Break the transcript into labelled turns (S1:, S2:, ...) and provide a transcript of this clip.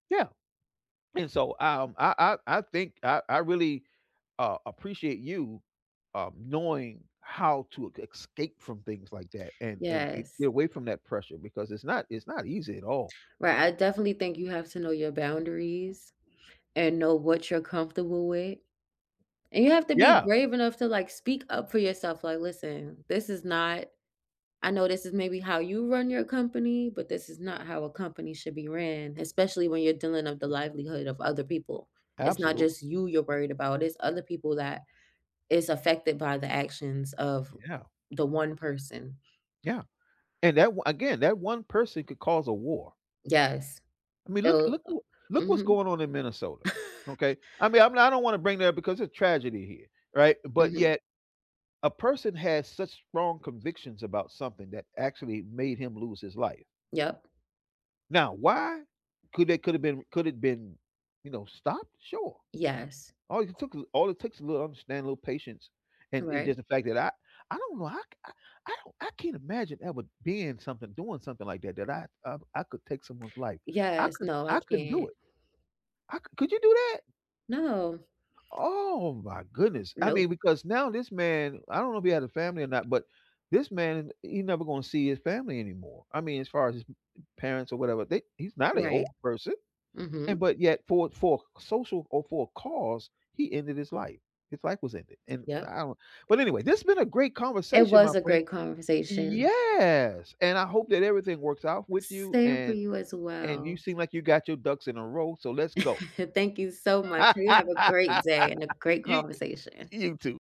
S1: Yeah, and so, um, I I I think I I really, uh, appreciate you, um, knowing how to ca escape from things like that, and and i get
S2: Yes.
S1: away from that pressure, because it's not it's not easy at all.
S2: Right, I definitely think you have to know your boundaries, and know what you're comfortable with, and you have to be
S1: Yeah.
S2: brave enough to, like, speak up for yourself, like, "Listen, this is not I know this is maybe how you run your company, but this is not how a company should be ran, especially when you're dealing with the livelihood of other people." It's not
S1: Absolutely.
S2: just you you're worried about, it's other people that is affected by the actions of
S1: Yeah.
S2: the one person.
S1: Yeah, and that o Again, that one person could cause a war.
S2: Yes,
S1: I mean, look
S2: it'll,
S1: look
S2: uh
S1: who Look what's
S2: Mhm.
S1: going on in Minnesota, okay. I mean, I'm I don't wanna bring that up because it's tragedy here, right? But
S2: Mhm.
S1: yet, a person has such strong convictions about something that actually made him lose his life.
S2: Yup.
S1: Now, why could they could have been could it have been, you know, stopped? Sure,
S2: Yes.
S1: all it took a all it takes a little understanding, a little patience, and and just
S2: Correct.
S1: the fact that I I don't know, I c I I don't I can't imagine ever being something, doing something like that, that I I I could take someone's life, I
S2: Yes,
S1: couldn't
S2: no, I
S1: I couldn't do
S2: can't.
S1: it. I cou Could you do that?
S2: No.
S1: Oh my goodness. I mean,
S2: Nope.
S1: because now this man I don't know if he had a family or not, but this man, he never gonna see his family anymore, I mean, as far as his parents or whatever, they He's not an old
S2: Right.
S1: person, and
S2: Mhm.
S1: but yet for for social, or for a cause, he ended his life, his life was ended, and
S2: Yup.
S1: I don't But anyway, this has been a great
S2: It
S1: conversation, my
S2: was a
S1: friend.
S2: great conversation.
S1: Yes, and I hope that everything works out with you,
S2: Same for
S1: and
S2: you as
S1: and you
S2: well.
S1: seem like you got your ducks in a row, so let's go.
S2: Thank you so much. You have a great day, and a great
S1: You, i
S2: conversation.
S1: You too.